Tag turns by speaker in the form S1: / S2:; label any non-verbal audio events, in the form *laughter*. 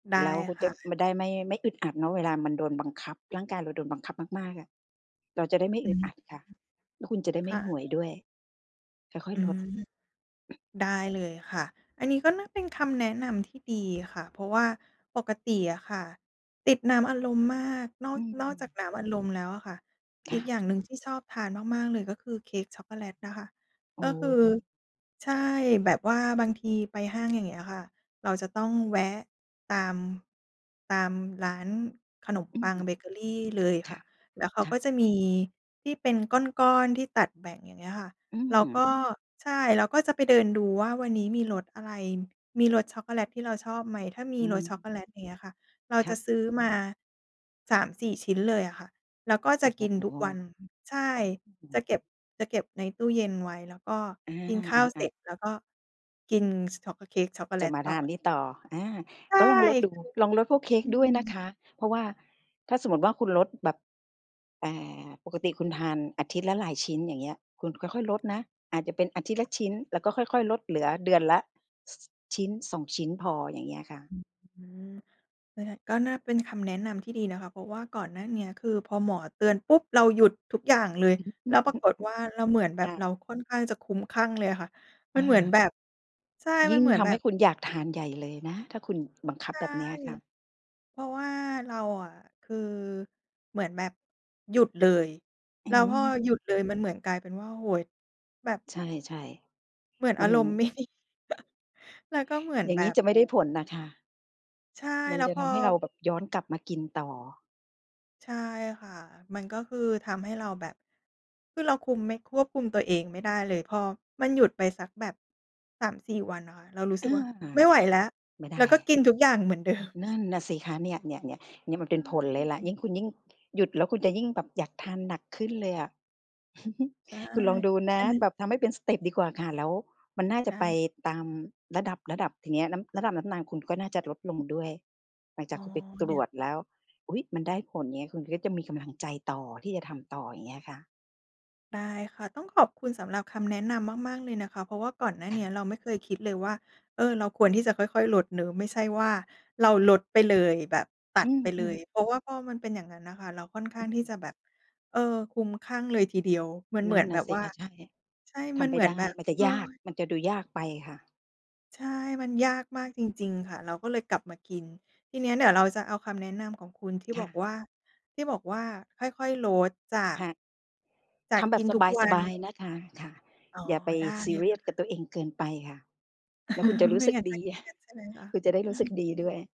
S1: ได
S2: แ
S1: ้
S2: ล้วคุณ
S1: ค
S2: จะ
S1: ่
S2: ไ
S1: ะ
S2: ม่ได้ ไม่ ไม่อึดอัดเนาะ เวลามันโดนบังคับ ร่างกายเราโดนบังคับมาก ๆ อะ เราจะได้ไม่
S1: อื
S2: อึด
S1: ม
S2: อัดค่ะ แล้วคุณจะได้
S1: ค
S2: ไม่
S1: ่
S2: โห
S1: ะ
S2: ยด้วย ค่อ
S1: อ
S2: ย
S1: ื
S2: ๆ ลด
S1: ม ได้เลยค่ะ อันนี้ก็น่าเป็น คำแนะนำที่ดีค่ะ เพราะว่าปกติอะค่ะติดน้ำอัดลมมาก นอก
S2: อื
S1: นอกจาก
S2: ม
S1: น้ำอัดลมแล้วอะค่ะ
S2: ค
S1: อี
S2: ่
S1: ก
S2: ะ
S1: อย่างหนึ่งที่ชอบทานมาก ๆ เลยก็คือเค้กช็อกโกแลตนะคะ
S2: โอ
S1: ก็
S2: ้
S1: คือ ใช่ แบบว่าบางทีไปห้าง อย่างเงี้ยอะค่ะ เราจะต้องแวะตาม ตามร้านขนม
S2: อื
S1: ป
S2: อ
S1: ั
S2: ฮ
S1: ง
S2: ึ
S1: เบเกอรี เลย
S2: ค
S1: ค
S2: ่
S1: ่
S2: ะ
S1: ะ แล้วเขา
S2: ค่
S1: ก็
S2: ะ
S1: จะมีที่ เป็นก้อน ๆ ที่ตัดแบ่ง อย่างเงี้ยค่ะ
S2: อื
S1: เราก
S2: ม
S1: ็ ใช่ เราก็จะไปเดินดูว่าวันนี้มีรสอะไร มีรสช็อกโกแลตที่เราชอบไหม ถ้ามี
S2: อื
S1: รสช็อค
S2: ม
S1: โกแลต อย่างเงี้ยอะค่ะ เรา
S2: ค
S1: จ
S2: ะ
S1: ะซื้อมา 3-4 ชิ้นเลยอะค่ะ แล้วก็
S2: โอ
S1: จะ
S2: ้โ
S1: กินทุ
S2: ฮ
S1: กวัน อือ ใช่
S2: โอ้
S1: จะเก็บ จะเก็บในตู้เย็นไว้ แล้วก็
S2: อา
S1: กินข้าว
S2: อ
S1: เส
S2: า
S1: ร็
S2: ๆ
S1: จ แล้วก็กิน ซ ช็อก ก เค้กช็อกโกแล
S2: จะ
S1: ต
S2: มา
S1: ต
S2: ท
S1: ่
S2: า
S1: อ
S2: นนี่ต่อ อา
S1: ใช่
S2: ก็ลองลดดู
S1: คือ
S2: ลองลดพวกเค้
S1: อ
S2: ก
S1: ื
S2: ด้วยนะ
S1: ม
S2: คะ เพราะว่า ถ้าสมมุติว่าคุณลดแบบ อ่า ปกติคุณทานอาทิตย์ละหลายชิ้น อย่างเงี้ย คุณค่อย ๆ ลดนะ อาจจะเป็นอาทิตย์ละชิ้น แล้วก็ค่อย ๆ ลด เหลือเดือนละ ซ 1-2 ชิ้นพอ อย่างเงี้ยค่ะ
S1: อืม ก็ได้ ก็น่าเป็น คำแนะนำที่ดีนะคะ เพราะว่าก่อนหน้าเนี้ย คือพอหมอเตือนปุ๊บ เราหยุดทุกอย่างเลย แล้วปราก
S2: *chuckles*
S1: ฏว่าเราเหมือนแบ
S2: ค
S1: บ
S2: ่
S1: เรา
S2: ะ
S1: ค่อนข้างจะคลุ้มคลั่งเลยอะค่ะ มั
S2: อ
S1: นเหมือน
S2: า
S1: แบบ ใช่
S2: ย
S1: มั
S2: ิ่
S1: น
S2: ง
S1: เหมือน
S2: ท
S1: แ
S2: ำ
S1: บ
S2: ให้
S1: บ
S2: คุณอยากทานใหญ่เลยนะ ถ้าคุณบังคั
S1: ใ
S2: บ
S1: ช่
S2: แบบเนี้ยอะค่ะ
S1: เพราะว่าเราอะ คือ เหมือนแบบ หยุดเลย
S2: อ
S1: แ
S2: ื้
S1: ล้
S2: อฮ
S1: ว
S2: ึ
S1: พอหยุด
S2: อ
S1: เลย มันเหมือนกลายเป็นว่า โอ้โฮ แบบ
S2: ใช่
S1: เหมือน
S2: ๆ
S1: อ
S2: มั
S1: า
S2: น
S1: รมณ์ไม่ ดี *chuckles* แล้วก็เหมือน
S2: อย่า
S1: แ
S2: ง
S1: บ
S2: งี้
S1: บ
S2: จะไม่ได้ผลน่ะค่ะ
S1: ใช่
S2: มั
S1: แ
S2: น
S1: ล้ว
S2: จะ
S1: พ
S2: ท
S1: อ
S2: ำให้เราแบบย้อนกลับมากินต่อ
S1: ใช่ค่ะ มันก็คือทำให้เราแบบ คือเราคุมไม่ ควบคุมตัวเองไม่ได้เลย พอมันหยุดไปสักแบบ 3-4 วันอะค่ะ เรารู้ส
S2: เอ
S1: ึกว่า
S2: อ
S1: "ไม่ไหวแล้ว"
S2: ไม่ได
S1: แล้วก็
S2: ้
S1: กินทุกอย่างเหมือน เดิม
S2: นั่นน่ะสิคะ เนี่ย ๆ ๆ เนี่ย มัน
S1: ใ
S2: เป็นผลเลยล่ะ
S1: ช่
S2: ยิ่งคุณยิ่ง หยุดแล้ว คุณจะยิ่งแบบอยากทานหนักขึ้นเลยอะ *chuckles*
S1: ใช่
S2: คุณลองดูน
S1: อ
S2: ะ
S1: ันนั้น
S2: แบบทำให้เป็นสเต็ปดีกว่าค่ะ แล้วมัน
S1: อ
S2: น่าจ
S1: ไ
S2: ะ
S1: ด้
S2: ไปตามระดับ ๆ ทีเนี้ย น้ำ ระดับน้ำ นาน คุณก็น่าจะลดลงด้วย หลังจ
S1: อ
S2: า
S1: ๋
S2: ก
S1: อ
S2: คุณไปต
S1: เด
S2: ร
S1: ี๋ย
S2: ว
S1: ว
S2: จแล้ว "อุ๊ย มันได้ผล" เงี้ย คุณก็จะมีกำลังใจต่อ ที่จะทำต่อ อย่างเงี้ยค่ะ
S1: ได้ค่ะ ต้องขอบคุณสำหรับคำแนะนำมาก ๆ เลยนะคะ เพราะว่าก่อนหน้าเนี้ยเราไม่เคยคิดเลยว่า เออ เราควรที่จะค่อย ๆ ลดเนาะ ไม่ใช่ว่าเราลดไปเลย แบบตั
S2: อื
S1: ดไปเล
S2: ม
S1: ย
S2: ๆ
S1: เพราะว่าพอมันเป็นอย่างงั้นน่ะค่ะ เราค่อนข้าง ที่
S2: อื
S1: จ
S2: อ
S1: ะแบบ เออ คลุ้มคลั่งเลยทีเดียว มันเ
S2: น
S1: หมื
S2: ั่
S1: อ
S2: น
S1: น
S2: น
S1: แ
S2: ่
S1: บ
S2: ะ
S1: บ
S2: สิ
S1: ว่า
S2: คะ ใช่
S1: ใช่
S2: ท
S1: มัน
S2: ำไม
S1: เ
S2: ่
S1: หมื
S2: ไ
S1: อ
S2: ด
S1: น
S2: ้
S1: แบบ
S2: มันจะ
S1: เฮ้
S2: ยาก
S1: อ
S2: มันจะดูยากไปค่ะ
S1: ใช่ มันยากม
S2: อ
S1: า
S2: ื
S1: ก
S2: ม
S1: จริง ๆ ค่ะ เราก็เลยกลับมากิน ทีนี้เดี๋ยวเราจะเอาคำแนะนำของคุณ ที่
S2: ค
S1: บ
S2: ่
S1: อก
S2: ะ
S1: ว่า ที่บอกว่าค่อย ๆ ลดจาก
S2: ค่ะ
S1: จา
S2: ท
S1: ก
S2: ำแบ
S1: กิ
S2: บ
S1: นทุกว
S2: ส
S1: ั
S2: บ
S1: น
S2: าย ๆ นะคะ ค่ะ
S1: อ๋อ
S2: อย่าไป
S1: ได้
S2: ซี
S1: อยู่
S2: เรียสกับตัวเองเกินไปค่ะ แล้วคุณจะร
S1: *chuckles*
S2: ู
S1: ไม
S2: ้
S1: ่
S2: สึก
S1: งั้นจ
S2: ด
S1: ะ
S2: ี
S1: เครีย
S2: *chuckles*
S1: ด ใช่ไหมคะ?
S2: ค
S1: *chuckles*
S2: ุณจะได้รู้สึกดี ด้วย